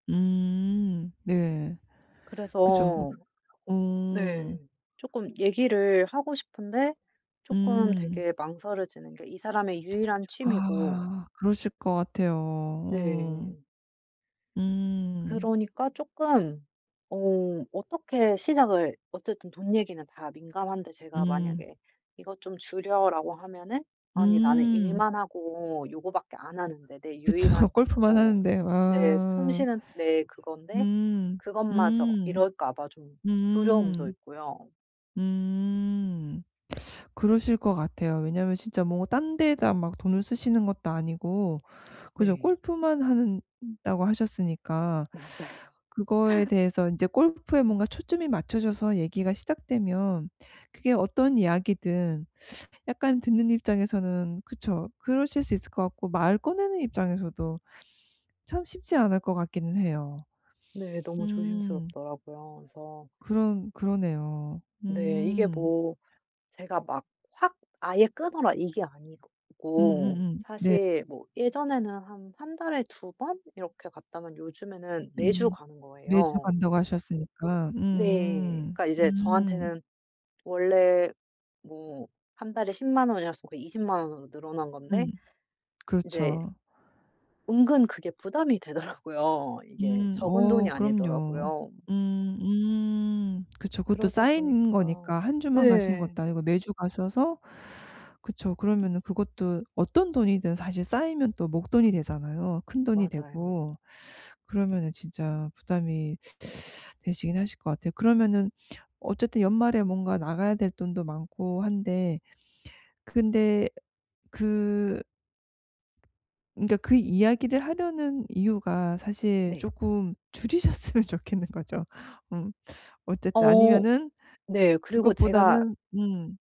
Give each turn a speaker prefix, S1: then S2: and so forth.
S1: 음. 네. 그죠 뭐
S2: 그래서 네.
S1: 어.
S2: 쪼끔 얘기를 하고 싶은데 쪼끔
S1: 음.
S2: 되게 망설여지는 게 이 사람의 유일한 취미고
S1: 아 그러실 것 같아요. 어.
S2: 네.
S1: 음.
S2: 그러니까 쪼끔 어 어떻게 시작을 어쨌든 돈 얘기는 다 민감한데 제가
S1: 음.
S2: 만약에 "이거 좀 줄여."라고 하면은 "아니 나는
S1: 음.
S2: 일만 하고 요거밖에 안 하는데 내
S1: 그쵸.
S2: 유일한
S1: 골프만
S2: 뭐
S1: 하는데.
S2: 내 숨
S1: 아.
S2: 쉬는 내 그건데
S1: 음.
S2: 그것마저."
S1: 음.
S2: 이럴까 봐 좀 두려움도
S1: 음.
S2: 있고요.
S1: 음. 그러실 것 같아요. 왜냐하면 진짜 뭐 딴 데다 막 돈을 쓰시는 것도 아니고, 그죠?
S2: 네.
S1: 골프만 하는 다고 하셨으니까
S2: 맞아요.
S1: 그거에 대해서 이제 골프에 뭔가 초점이 맞춰져서 얘기가 시작되면 그게 어떤 이야기든 약간 듣는 입장에서는 그쵸. 그러실 수 있을 것 같고 말 꺼내는 입장에서도 참 쉽지 않을 것 같기는 해요.
S2: 네. 너무
S1: 음.
S2: 조심스럽더라고요. 그래서
S1: 그런 그러네요.
S2: 네. 이게
S1: 음.
S2: 뭐 제가 막 '확 아예 끊어라.' 이게 아니고
S1: 음음음. 네.
S2: 사실 뭐 예전에는 한 1 달에 2 번 이렇게 갔다면 요즘에는 매주
S1: 음.
S2: 가는
S1: 매주
S2: 거예요.
S1: 간다고 하셨으니까.
S2: 네.
S1: 음음.
S2: 그러니까 이제
S1: 음.
S2: 저한테는 원래 뭐 1 달에 100,000 원이었으니까 200,000 원으로 늘어난 건데
S1: 음.
S2: 인제
S1: 그렇죠.
S2: 은근 그게 부담이 되더라고요. 이게
S1: 음.
S2: 적은
S1: 어
S2: 돈이
S1: 그럼요.
S2: 아니더라고요.
S1: 음. 음. 그쵸. 그것도
S2: 그러다
S1: 쌓인
S2: 보니까
S1: 거니까 1 주만 가시는
S2: 네.
S1: 것도 아니고 매주 가셔서 그쵸. 그러면은 그것도 어떤 돈이든 사실 쌓이면 또 목돈이 되잖아요. 큰돈이
S2: 맞아요.
S1: 되고. 그러면은 진짜 부담이 되시긴 하실 것 같아요. 그러면은 어쨌든 연말에 뭔가 나가야 될 돈도 많고 한데 근데 그 근데 그 이야기를 하려는 이유가 사실
S2: 네.
S1: 조금 줄이셨으면 좋겠는 거죠? 음 어쨌든.
S2: 어
S1: 아니면은
S2: 네. 그리고 제가
S1: 그것보다는 음.